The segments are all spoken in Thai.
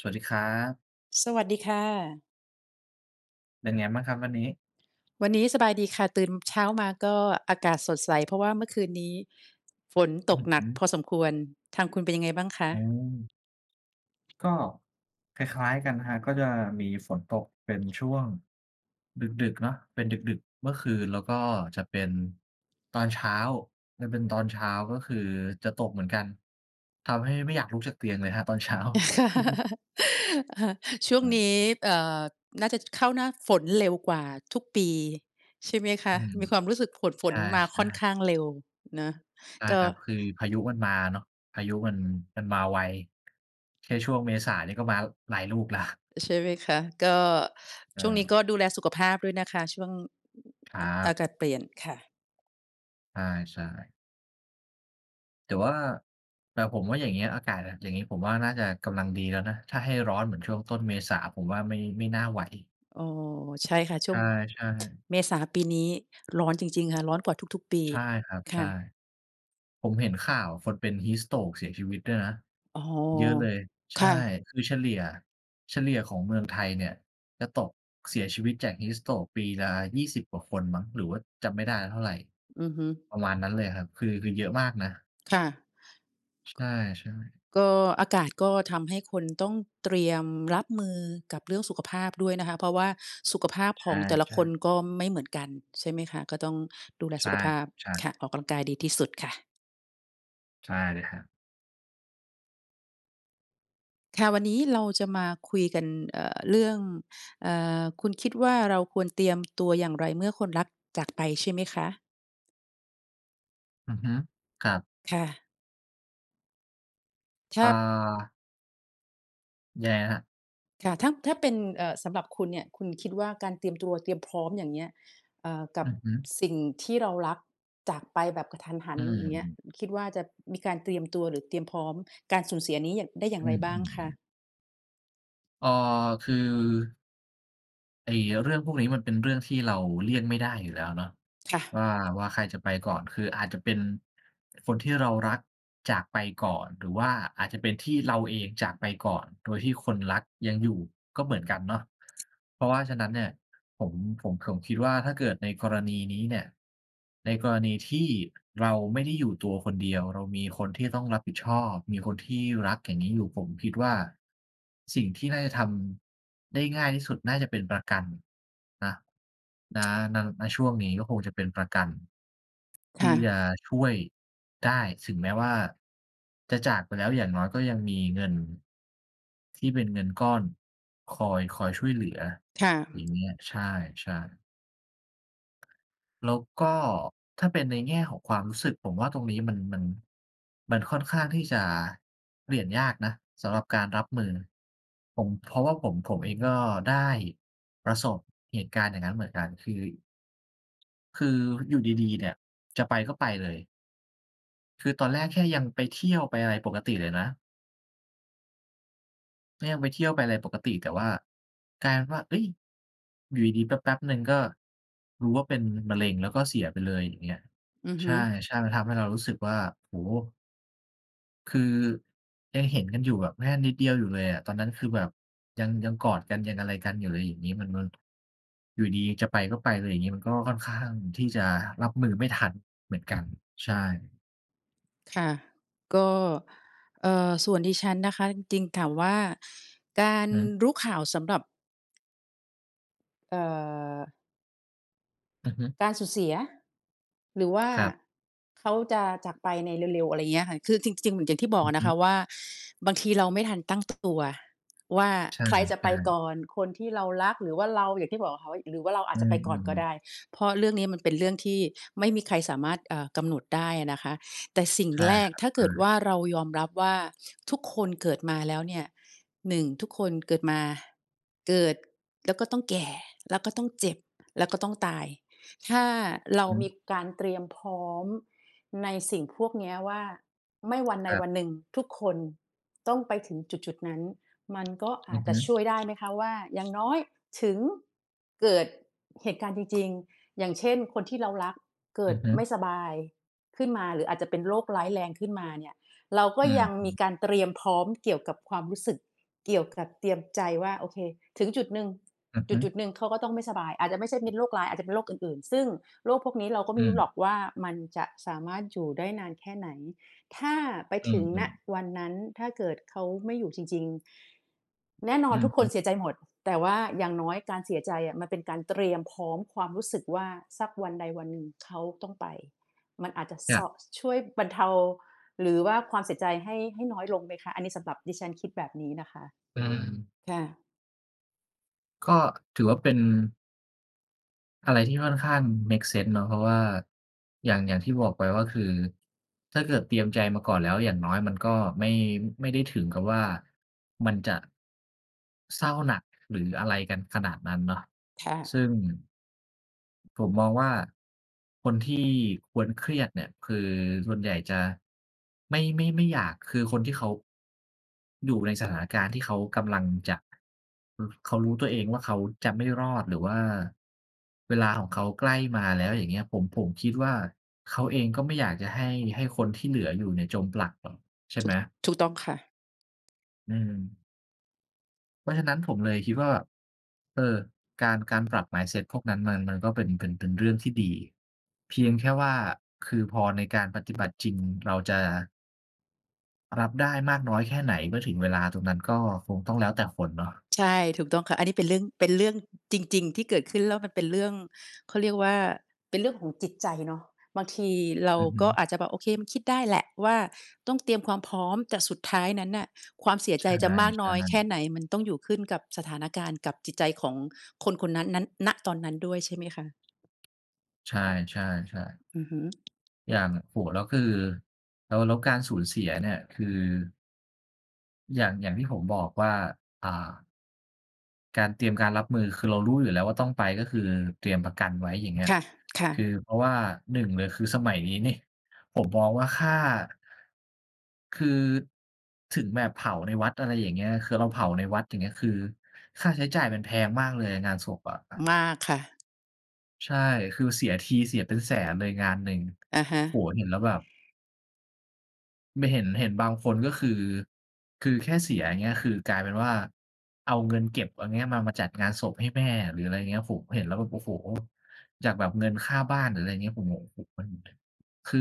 สวัสดีครับ สวัสดีค่ะ เป็นไงมั่งครับวันนี้? วันนี้สบายดีค่ะ ตื่นเช้ามาก็อากาศสดใส เพราะว่าเมื่อคืนนี้ฝนอตืกอหฮนักึ พอสมควร ทางคุณเป็นยังไงบ้างคะ? อ๋อ ก็คล้าย ๆ กันนะครับ ก็จะมีฝนตกเป็นช่วง ดึก ๆ เนาะ เป็นดึก ๆ เมื่อคืน แล้วก็จะเป็นตอนเช้า มันเป็นตอนเช้า ก็คือจะตกเหมือนกัน ทำให้ไม่อยากลุกจากเตียงเลยครับตอนเช้า ช่วงครับ นี้ เอ่อ น่าจะเข้าหน้าฝนเร็วกว่าทุกปีใช่ไหมคอืะ? ม มีความรู้สึกฝน ฝใชน ่ มาใชค่อน่ ข้างเร็วเนาะ ใช่ก็ ครับ คือพายุมันมาเนาะ พายุมัน มันมาไว แค่ช่วงเมษาก็มาหลายลูกแล้ว ใช่ไหมคะ ก็ เช่วงนี้กออ ็ดูแลสุขภาพด้วยนะคะ ช่วง ครัอ อาบ กาศเปลี่ยนค่ะ ใช่ ๆ แต่ว่า แต่ผมว่าอย่างงี้อากาศอะ อย่างงี้ผมว่าน่าจะกำลังดีแล้วนะ ถ้าให้ร้อนเหมือนช่วงต้นเมษาผมว่าไม่ ไม่น่าไหว อ๋อ ใช่ค่ะ ชใ่วง ช่ ๆ เมษาปีนี้ร้อนจริง ๆ ค่ะ ร้อนกว่าทุก ๆ ปี ใช่ครับ คใช่่ ะ ผมเห็นข่าวคนเป็น Heat stroke เสียชีวิตด้วยนะ อ๋อ เยอะเลย ใชค่ ่ะ คือเฉลี่ย เฉลี่ยของเมืองไทยเนี่ยจะตกเสียชีวิตจาก Heat stroke ปีละ 20 กว่าคนมั้ง หรือว่าจำไม่ได้แล้วเท่าไร อือฮึ ประมาณนั้นเลยครับ คือ คือเยอะมากนะ ค่ะ ใช่ ๆ ก็ อากาศก็ทำให้คนต้องเตรียมรับมือกับเรื่องสุขภาพด้วยนะคะ เพราะว่าสุขภาพใชของแต่ละ่ คนๆ ก็ไม่เหมือนกัน ใช่ไหมคะ ก็ต้องดูแลใชสุ่ขภาครพับ ใช่ ค่ะ ออกกำลังกายดีที่สุดค่ะ ใช่ครับ ค่ะ วันนี้เราจะมาคุยกัน เอ่อ เรื่อง เอ่อ คุณคิดว่า เราควรเตรียมตัวอย่างไรเมื่อคนรักจาก ไปใช่ไหมคะ? อือฮึ ครับ ค่ะ ถอ้่า า แย่ครับ ค่ะ ถ้า ถ้าเป็น เอ่อ สำหรับคุณเนี่ย คุณคิดว่า การเตรียมตัวเตรียมพร้อม อย่างเงี้ย เอ่อ กัอบือฮึ สิ่งที่เรารักจากไปแบบกะทันหัอน ือย่างเงี้ย ม คิดว่าจะมีการเตรียมตัว หรือเตรียมพร้อมการสูญเสียนี้อย่าง ได้อย่อาืงไรม บ้างคะ? ๆ ๆ เอ่อ คือ ไอ้เรื่องพวกนี้มันเป็นเรื่องที่เราเลี่ยงไม่ได้อยู่แล้วเนาะ ค่วะ ่า ว่าใครจะไปก่อน คืออาจจะเป็นคนที่เรารักจากไปก่อน หรือว่าอาจจะเป็นที่เราเองจากไปก่อน โดยที่คนรักยังอยู่ ก็เหมือนกันเนาะ เพราะว่าฉะนั้นเนี่ย ผม ผม ผมคิดว่า ถ้าเกิดในกรณีนี้เนี่ย ในกรณีที่เราไม่ได้อยู่ตัวคนเดียว เรามีคนที่ต้องรับผิดชอบ มีคนที่รักอย่างนี้อยู่ ผมคิดว่า สิ่งที่น่าจะทำได้ง่ายที่สุด น่าจะเป็นประกันนะ ณ ณ ณ ช่วงนี้ ก็คงจะเป็นประกัน ทคี่่จะะ ช่วยได้ถึงแม้ว่า จะจากไปแล้ว อย่างน้อยก็ยังมีเงิน ที่เป็นเงินก้อนคอย คอยช่วยเหลือ ค่อย่าะ งเงี้ย ใช่ ๆ แล้วก็ ถ้าเป็นในแง่ของความรู้สึก ผมว่าตรงนี้มัน มัน มันค่อนข้างที่จะเปลี่ยนยากนะสำหรับการรับมือ ผม เพราะว่าผม ผมเองก็ได้ประสบเหตุการณ์อย่างงั้นเหมือนกัน คือ คืออยู่ดี ๆ เนี่ย จะไปก็ไปเลย คือตอนแรกแค่ยังไปเที่ยว ไปอะไรปกติเลยนะ ก็ยังไปเที่ยว ไปอะไรปกติ แต่ว่ากลายเป็นว่า เฮ้ย! อยู่ดี ๆ แป๊บ ๆ หนึ่ง ก็รู้ว่าเป็นมะเร็ง แล้วก็เสียไปเลยอย่างเงี้ย อือใฮช่ ึ ใช่ มันทำให้เรารู้สึกว่า โอ้โฮ! คือ ยังเห็นกันอยู่แบบ แค่นิดเดียวอยู่เลยอะ ตอนนั้นคือแบบ ยัง ยังกอดกัน ยังอะไรกันอยู่เลย อย่างงี้ มัน มัน อยู่ดี ๆ จะไปก็ไปเลยอย่างนี้ มันก็ค่อนข้างที่จะรับมือไม่ทันเหมือนกัน ใช่ ค่ะ ก็ เอ่อ ส่วนดิฉันนะคะ จริง ๆ ถามว่า กาอือรฮึ รู้ข่าวสำหรับ เอ่อ อือฮึ การสูญเสีย หรือว่าครับ เขาจะจากไปในเร็ว ๆ อะไรอย่างเงี้ยค่ะ คือจริง ๆ เหมือนอย่างที่บออกืออะฮนะคะึ ว่า บางทีเราไม่ทัน ตั้งตัวว่า ใชใครจะไ่ ปกๆ ่อน คนที่เรารักหรือว่าเรา อย่างที่บอกอะค่ะ หรือว่าเราออาืจจะไปก่อนก็อ ไดๆ ๆ ้ เพราะเรื่องนี้มันเป็นเรื่องที่ไม่มีใครสามารถ อ่า กำหนดได้อะนะคะ แต่สิ่งใช่แรคกรับ ถ้าใเชกิดว่ ่า เรายอมรับว่า ทุกคนเกิดมาแล้วเนี่ย 1 ทุกคนเกิดมา เกิดแล้วก็ต้องแก่ แล้วต้องเจ็บ แล้วก็ต้องตาย ถ้า อือเรฮามึ ีการเตรียมพร้อม ในสิ่งพวกเนี้ยว่า ไม่วันใคดรัวบ ันหนึ่งทุกคน ต้องไปถึงจุด ๆ นั้น มันก็ออืาจอฮจะชึ ่วยได้ไหมคะว่า อย่างน้อยถึง เกิดเหตุการณ์จริง ๆ อย่างเช่น คนที่เรารัก เกอิืดอฮึ ไม่สบายขึ้นมา หรืออาจจะเป็นโรคร้ายแรงขึ้นมาเนี่ย เราก็อือยังฮมีึ การเตรียมพร้อม เกี่ยวกับความรู้สึก เกี่ยวกับเตรียมใจว่า โอเค ถึงจุดหนึ่ง อือฮจึ ุด ๆ หนึ่งเขาก็ต้องไม่สบาย อาจจะไม่ใช่เป็นโรคร้าย อาจจะเป็นโรคอื่น ๆ ซึ่งโรคพวกนี้ เราก็อไืม่รู้หรม อกว่า มันจะสามารถอยู่ได้นานแค่ไหน ถ้าไปอืถึอ ง อืณ อ วันนั้น ถ้าเกิดเขาไม่ อยู่จริง ๆ แน่นออืนอทุกฮคึ นเสียใจหมด แต่ว่าอย่างน้อยการเสียใจอะ มันเป็นการเตรียมพร้อมความรู้สึกว่า สักวันใดวันหนึ่งเขาต้องไป มันอาจจะ อยซ ่าง ช่วยบรรเทา หรือว่าความเสียใจให้ ให้น้อยลงไหมคะ อันนี้สำหรับดิฉันคิดแบบนี้นะคะ อืม ค่ะ ก็ถือว่าเป็น อะไรที่ค่อนข้างเมกเซนส์เนาะ เพราะว่าอย่าง อย่างที่บอกไปว่า คือถ้าเกิดเตรียมใจมาก่อนแล้ว อย่างน้อยมันก็ไม่ ไม่ได้ถึงกับว่ามันจะ เศร้าหนัก หรืออะไรกันขนาดนั้นเนาะ ค่ซะ ึ่ง ผมมองว่า คนที่ควรเครียดเนี่ย คือส่วนใหญ่จะ ไม่ ไม่ ไม่อยาก คือคนที่เขา อยู่ในสถานการณ์ที่เขากำลังจะ ร เขารู้ตัวเองว่า เขาจะไม่รอด หรือว่าเวลาของเขาใกล้มาแล้ว อย่างเงี้ย ผม ผมคิดว่าเขาเองก็ไม่อยากจะให้ ให้คนที่เหลืออยู่เนี่ยจมปลักหรอก ใช่ถไูหม? ก ถูกต้องค่ะ อืม เพราะฉะนั้นผมเลยคิดว่า เออ การ การปรับ mindset พวกนั้นมัน มันก็เป็น เป็น เป็นเรื่องที่ดี เพียงแค่ว่า คือพอในการปฏิบัติจริง เราจะ รับได้มากน้อยแค่ไหนเมื่อถึงเวลาตรงนั้น ก็คงต้องแล้วแต่คนเนาะ ใช่ ถูกต้องค่ะ อันนี้เป็นเรื่อง เป็นเรื่องจริง ๆ ที่เกิดขึ้น แล้วมันเป็นเรื่อง เขาเรียกว่า เป็นเรื่องของจิตใจเนาะ บางทีเราอือฮก็ึ อาจจะแบบโอเคมันคิดได้แหละว่า ต้อง เตรียมความพร้อม แต่สุดท้ายนั้นน่ะ ความเสียใชใจจะมากน้่ อยแค่ๆ ไหน มันต้องอยู่ขึ้นกับสถานการณ์กับจิตใจของคนคนนั้น นั้น ณ ตอนนั้นด้วย ใช่ไหมคะ? ใช่ ๆ ๆ อือฮึ อย่าง โอ้โฮ แล้วคือ แล้ว แล้วการสูญเสียเนี่ยคือ อย่าง อย่างที่ผมบอกว่า อ่า การเตรียมการรับมือ คือเรารู้อยู่แล้วว่าต้องไป ก็คือเตรียมประกันไว้ อย่างเงี้ย ค่ะ ค่คือะ เพราะว่า 1 เลย คือสมัยนี้นี่ผมมองว่าค่า คือ ถึงแบบเผาในวัด อะไรอย่างเงี้ย คือเราเผาในวัด อย่างเงี้ย คือค่าใช้จ่ายมันแพงมากเลยอะ งานศพอะ มากค่ะ ใช่ คือเสียทีเสียเป็นแสนเลยงานหนึ่ง อะฮะ โอ้โฮ เห็นแล้วแบบ ไม่เห็น เห็นบางคนก็คือ คือแค่เสีย อย่างเงี้ย คือกลายเป็นว่าเอาเงินเก็บ เอาเงี้ย มา มาจัดงานศพให้แม่ หรืออะไรอย่างเงี้ย ผมเห็นแล้วแบบ โอ้โฮ! จากแบบเงินค่าบ้าน หรืออะไรอย่างเงี้ย ผมแบบ โอ้โฮ มัน คือ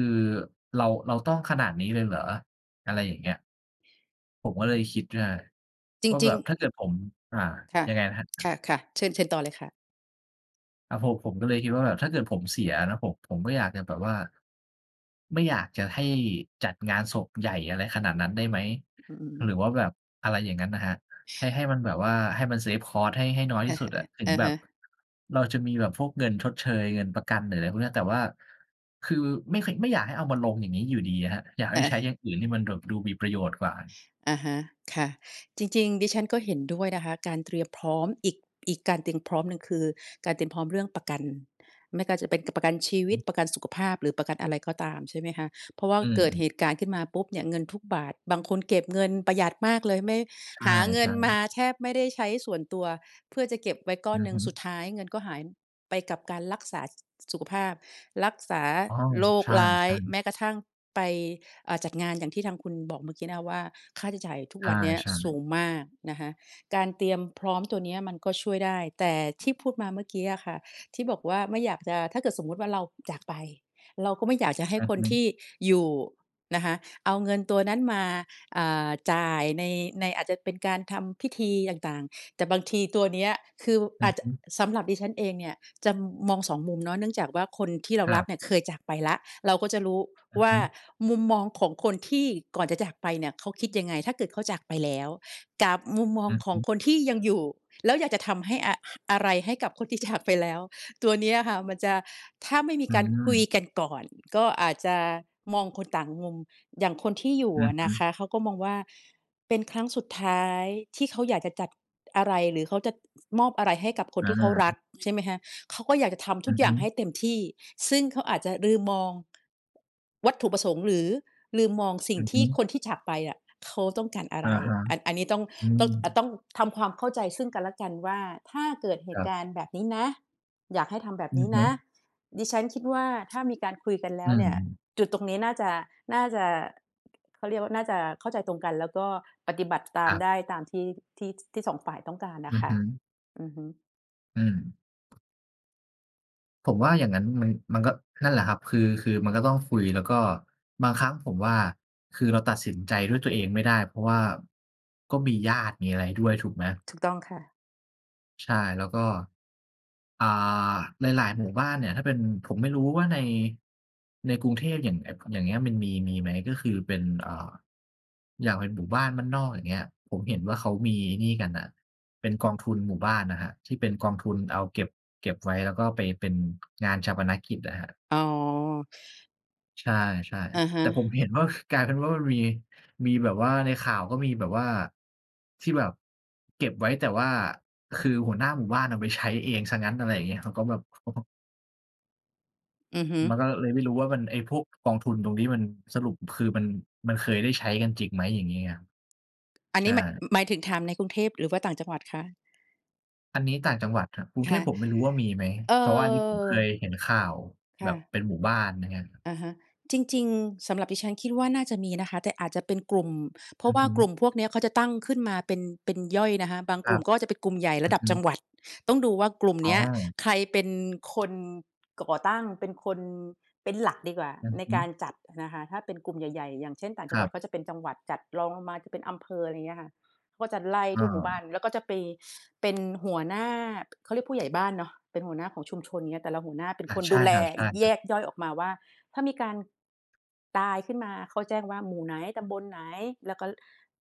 เรา เราต้องขนาดนี้เลยเหรอ อะไรอย่างเงี้ย ผมก็เลยคิดได้จรว่าแิบง บ ๆ ถ้าเกิดผม อ่า ค่ะ ยังไงนะครัคบ? ่ะ ๆ เชิญ เชิญต่อเลยค่ะ อ่า ผม ผมก็เลยคิดว่าแบบถ้าเกิดผมเสียนะ ผม ผมก็อยากจะแบบว่า ไม่อยากจะให้จัดงานศพใหญ่อะไรขนาดนั้นได้ไหม อ อืหรือม ว่าแบบอะไรอย่างงั้นนะครับ ให้ ให้มันแบบว่าให้มัน เซฟคอสต์ ให้ ให้น้อยที่สุดอะ ถึงอะแบฮบ ะ เราจะมีแบบพวกเงินชดเชย เงินประกัน หรืออะไรพวกนี้ แต่ว่า คือไม่ ค ไม่อยากให้เอามาลงอย่างนี้อยู่ดีอะครับ อยากใเหอ้ใอ ช้อย่างอื่นที่มันแบบดูมีประโยชน์กว่า อะฮะ ค่ะ จริง ๆ ดิฉันก็เห็นด้วยนะคะ การเตรียมพร้อมอีก อีกการเตรียมพร้อมหนึ่ง คือการเตรียมพร้อมเรื่องประกัน ไม่ก็จะเป็นประกันชีวิต ประกันสุขภาพ หรือประกันอะไรก็ตาม ใช่ไหมคะ เพราะว่าอืเกิดม เๆ หตุการณ์ขึ้นมาปุ๊บเนี่ย เงินทุกบาท บางคนเก็บเงินประหยัดมากเลย ไม่ ใชหาเงิน่ มาๆ แทบไม่ได้ใช้ส่วนตัว เพื่อจะเก็บไว้ก้ออืนอหนึฮ่ง ึ สุดท้ายเงินก็หายไปกับการรักษา ส สุขภาพ รักษาอ๋อ โรใคชร้าย ่ แๆ ม้กระทั่งไป อ่า จัดงานอย่างที่ทางคุณบอกเมื่อกี้นะว่า ค่าใช้จ่ายทุกวันเนี้ยใช่ สูๆ งมากนะคะ การเตรียมพร้อมตัวนี้มันก็ช่วยได้ แต่ที่พูดมาเมื่อกี้อะค่ะ ที่บอกว่าไม่อยากจะ ถ้าเกิดสมมุติว่าเราจากไป เราก็ไม่อยากจะให้อือคฮนทึ ี่อยู่นะคะ เอาเงินตัวนั้นมา อ่า จ่ายใน ใน อาจจะเป็นการทำพิธีต่าง ๆ แต่บางทีตัวเนี้ย คือ ว อืออาจฮจะ ึ สำหรับดิฉันเองเนี่ย จะมอง 2 มุมเนาะ เนื่องจากว่าคนที่เราครรัักบ เนี่ยเคยจากไปแล้ว เราก็จะรู้อือวฮ่าึ มุมมองของคนที่ก่อนจะจากไปเนี่ยเขาคิดยังไงถ้าเกิดเขาจากไปแล้ว กับมุมมอองือขฮองึ คนที่ยังอยู่ แล้วอยากจะทำให้อะ อะไรให้กับคนที่จากไปแล้ว ตัวเนี้ยค่ะ มันจะ ถ้าไม่มีอืการคุยม กันก่อน ก็อาจจะมองคนต่างมุม อย่างคนที่อยู่อืออะฮนะึ คะ เขาก็มองว่า เป็นครั้งสุดท้ายที่เขาอยากจะจัดอะไร หรือเขาจะมอบอะไรให้กับคอนที่เขารัก า ใช่ไหมคะ เขาก็อยากจะทำอทุืกออฮย่าึ งให้เต็มที่ ซึ่งเขาอาจจะลืมมอง วัตถุประสงค์ หรือลืมมองสิ่องือทฮี่ึ คนที่จากไปอะ เขาต้องการอะอไะร ฮะ อัน อันนี้ต้อง อืต้อง อ่า ม ต้องทำความเข้าใจซึ่งกันและกันว่า ถ้าเกิดเหคตรุับ การณ์แบบนี้นะ อยากให้ทำแบบอืนอี้ฮนึ ะ ดิฉันคิดว่า ถ้ามีการคุยกันแลอ้ืวเนี่ย ม จุดตรงนี้น่าจะ น่าจะ เขาเรียกว่าน่าจะเข้าใจตรงกัน แล้วก็ปฏิบัติตคามรับ ได้ตามที่ ที่ ที่ 2 ฝ่ายต้องการน่อะืคอ่ฮะ ึ อือฮึ อืม ผมว่าอย่างงั้น มัน มันก็ นั่นแหละครับ คือ คือมันก็ต้องคุย แล้วก็บางครั้งผมว่า คือเราตัดสินใจ ด้วยตัวเองไม่ได้ เพราะว่าก็มีญาติมีอะไรด้วยถูกไหม? ถูกต้องค่ะ ใช่ แล้วก็ อ่า หลาย ๆ หมู่บ้านเนี่ย ถ้าเป็น ผมไม่รู้ว่าใน ในกรุงเทพอย่าง อ อย่างเงี้ย มันมี มีไหม ก็คือเป็น อ่า อย่างเป็นหมู่บ้านบ้านนอก อย่างเงี้ย ผมเห็นว่าเขามีไอ้นี่กันน่ะ เป็นกองทุนหมู่บ้านน่ะครับ ที่เป็นกองทุนเอาเก็บ เก็บไว้ แล้วก็ไปเป็น งานฌาปนกิจอะครับ อ๋อ ใช่ อะฮๆ แต่ผมะ เห็นว่า ค กลายเป็นว่ามันมี มีแบบว่า ในข่าวก็มีแบบว่าที่แบบเก็บไว้ แต่ว่าคือหัวหน้าหมู่บ้านเอาไปใช้เองซะงั้น อะไรอย่างเงี้ย เขาก็แบบ [unintelligible] อือฮึ มันก็เลยไม่รู้ว่า มัน ไอ้พวกกองทุนตรงนี้มันสรุป คือ มัน มันเคยได้ใช้กันจริงไหม? อย่างงี้ครับ อันใชนี้ ม ่ หมายถึงถามในกรุงเทพ หรือว่าต่างจังหวัดคะ? อันนี้ต่างจังหวัดครับ กรุคงเท่ะ พผมไม่รู้ว่ามีไหม เอเพราะว่าอันนี้ผมเคยอ เห็นข่าว คแบ่บะ เป็นหมู่บ้าน อะไรอย่างเงี้ยครับ อะฮะ จริง ๆ สำหรับดิฉันคิดว่าน่าจะมีนะคะ แต่อาจจะเป็นกลุ่ม เพรอาืะอว่ฮากลุึ ่มพวกเนี้ย เขาจะตั้งขึ้นมาเป็น เป็นย่อยนะคะ บางคกรลัุ่บ มก็จะเป็นกลุ่มใหญ่อรืะอดัฮบจังึ หวัด ต้องดูว่ากลุ่มอ๋เนี้ยอ ใครเป็นคน ก่อตั้ง เป็นคน เป็นหลักดีกว่าอือในฮึ การจัดนะคะ ถ้าเป็นกลุ่มใหญ่ ๆ อย่างเช่น ต่างจคังรหวััด บ ก็จะเป็นจังหวัดจัด รองลงมาเป็นอำเภอ อะไรเงี้ยค่ะ ก็จะไล่อทุกหมู่บ้า าน แล้วก็จะไป เป็น หัวหน้า เขาเรียกผู้ใหญ่บ้านเนาะ เป็นหัวหน้าของชุมชน อย่างเงี้ย แต่ละหัวหน้าเป็นอา คนใชดู่แลครับ แๆ ยกย่อยออกมาว่า ถ้ามีการ ตายขึ้นมา เขาแจ้งว่าหมู่ไหน ตำบลไหน แล้วก็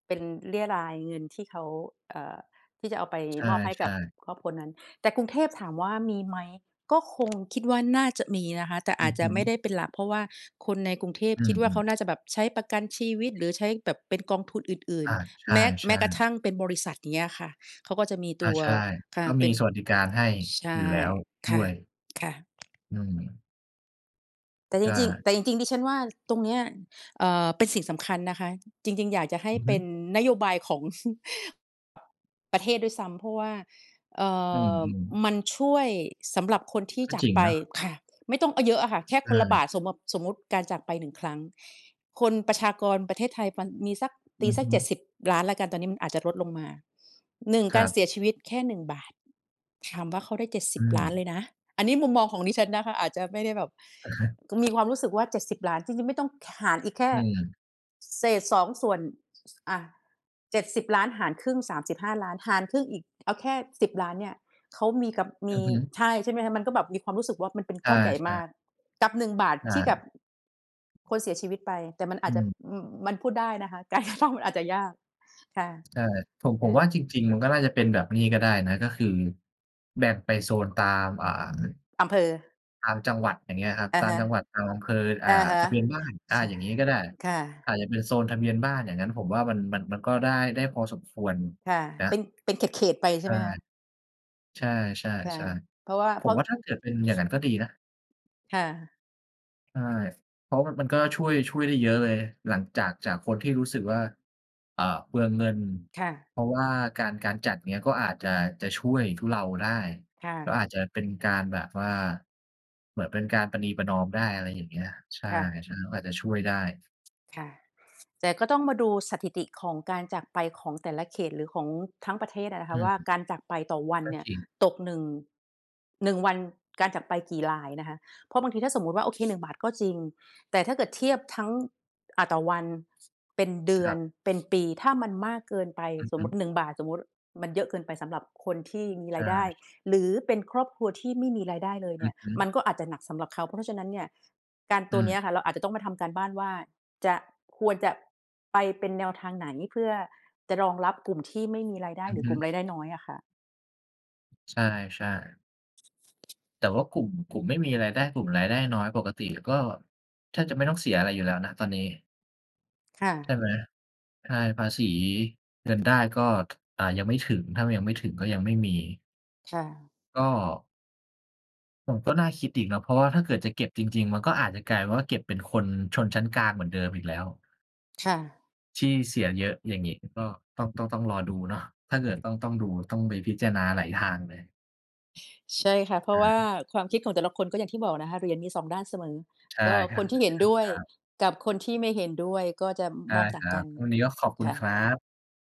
เป็นเรี่ยไรเงินที่เขา เอ่อ ที่จะเอาไปใชมอบให้กั่ บ ๆ ครอบครัวนั้น แต่กรุงเทพถามว่ามีไหม ก็คง คิดว่าน่าจะมีนะคะ แต่ออืาจอจฮะไม่ึ ได้เป็นหลัก เพราะว่าคนในกรุงเทพอืคิดว่าเขม าๆ น่าจะแบบใช้ประกันชีวิต หรือใช้แบบเป็นกองทุนอื่อน า ใๆ แม้ ชแม้่ กระทๆ ั่งเป็นบริษัท อย่างเงี้ยค่ะ เขาก็จะมีอตา ัว ใช่ ค่กะ ็เมปี็น สวัสดิการให้ใชอย่ ู่แล้วดค่้ะ วย ค่ะ อืม แต่ใชจริง ๆ ่ แต่จริง ๆ ดิฉันว่าตรงเนี้ย เอ่อ เป็นสิ่งสำคัญนะคะ จริง ๆ อยากจะให้อือเฮปึ ็นนโยบายของ ประเทศด้วยซ้ำ เพราะว่า เอ่อือ อ ๆ มันช่วยสำหรับคนที่ก็จาจกริงไปนะ ค่ะ ไม่ต้อง อ เยอะอะค่ะ แค่ใชคนละบ่ าท สม ม สมมุติการจากไป 1 ครั้ง คนประชากรประเทศไทย ป มีสัก อตืีอสัฮก เจ็ดึ สิบล้าน แล้วกัน ตอนนี้มันอาจจะลดลงมา 1 คกราัรบ เสียชีวิตแค่ 1 บาท ถามว่าเขาได้ เจ็ดสอิืบล้าน ม เลยนะ อันนี้มุมมองของดิฉันนะคะ อาจจะไม่ได้แบบ อะฮะ มีความรู้สึกว่า 70,000,000 จริง ๆ ไม่ต้อง ห หารอีกแค่ อืม เศษ 2 ส่วน อ่า 70,000,000 หารครึ่ง 35,000,000 หารครึ่งอีก เอาแค่ 10,000,000 เนี่ย เขามีกับ มอืี อฮึ ใช่ ใช่ไหมคะ มันก็แบบมีความรู้สึกว่า มันเป็นใชก่ ้อนใหญ่ใชมา่ กกับ 1 บาท ใชที่กับ ่ คนเสียชีวิตไป แต่มันออาืจจะ ม อือ มันพูดได้นะคะ การ กระทำ มันอาจจะยาก ค่ะ ใช่ ผม ผคม่ว่าะ จริง ๆ มันก็น่าจะเป็นแบบนี่ก็ได้นะ ก็คือ แบ่งไปโซนตาม อ่า อำเภอ ตามจังหวัด อย่างเงี้ยครับ อะตาฮมะ จังหวัดอำเภอ อ่อา ะฮะ ทะเบียนบ้าน อ่า ใช่ อย่างงี้ก็ได้ ค่อะ าจจะเป็นโซนทะเบียนบ้านอย่างงั้น ผมว่ามัน มัน มันก็ได้ ได้พอสมควรค่ะ นะ เป็น เป็นเขต ๆ ไปใใชช่่ ไหมคะ? ใช่ ค่ะ ๆ เพราะว่า ๆ ผเพรมาะ ว่า ถ้าเกิดเป็นอย่างนั้น ก็ดีนะ ค่ะ ใช่ เพราะมัน มันก็ช่วย ช่วยได้เยอะเลย หลังจาก จากคนที่รู้สึกว่า เอ่อ เปลืองเงิน ค่ะ เพราะว่าการ การจัด อย่างเงี้ย ก็อาจะ จะช่วยทุเลาได้ ค่ก็ะ อาจจะเป็นการแบบว่าเหมือนเป็นการประนีประนอมได้ อะไรอย่างเงี้ย ใช่ ค่ะ ๆ ก็อาจจะช่วยได้ ค่ะ แต่ก็ต้องมาดูสถิติของการจากไปของแต่ละเขต หรือของทั้งประเทศอะนะอคืะวม ่า การจากไปต่อวันก็เนี่ย จริง ตก 1- 1 วันการจากไปกี่รายนะคะ เพราะบางทีถ้าสมมติว่า โอเค 1 บาทก็จริง แต่ถ้าเกิดเทียบ ทั้ง อ่า ต่อวัน เป็นเดืคอรัน บ เป็นปี ถ้ามันมากเกินไป อือสฮมมตึ ิ 1 บาท สมมติมันเยอะเกินไปสำหรับคนที่มีใชรายได้ ่ หรือเป็นครอบครัวที่ไม่มีรายได้เลยเอนืี่อย ฮมึ ันก็อาจจะหนักสำหรับเขา เพราะฉะนั้นเนี่ย การอืตัวเนี้ยอะค่ะ ม เราอาจจะต้องมาทำการบ้านว่า จะ ควรจะไปเป็นแนวทางไหน เพื่อจะรองรับกลุ่มที่ไม่มีรายได้อืหอรือฮกึ ลุ่มรายได้น้อยอะค่ะ ใช่ ๆ แต่ว่ากลุ่ม กลุ่มไม่มีรายได้ กลุ่มรายได้น้อยปกติก็แทบจะไม่ต้องเสียอะไรอยู่แล้วนะ ตอนนี้ ค่ใช่ะ ไหม ใช่ ภาษีเงินได้ก็ ถ อ่า ยังไม่ถึง ถ้ายังไม่ถึงก็ยังไม่มี ค่ะ ก็ โอ้ ก็น่าคิดอีกนะ เพราะว่าถ้าเกิดจะเก็บจริง ๆ มันก็อาจจะกลายเป็นว่า เก็บเป็นคนชนชั้นกลางเหมือนเดิมอีกแล้ว ค่ะ ที่เสียเยอะ อย่างงี้ ก็ต้อง ต้อง ต้องรอดูเนาะ ถ้าเกิดต้อง ต้องดู ต้องไปพิจารณาหลายทางเลย ใช่ค่ะ เพราอะะว่าฮะ ความคิดของแต่ละคน ก็อย่างที่บอกนะคะ เหรียญมี 2 ด้านเสมอ ใช่ ก็ค คนที่เหค็นด้วยรับ กับคนที่ไม่เห็นด้วย ก็จะได้มองตค่างรักับ นวันนี้ก็ขอบคุคณ่คะ รับ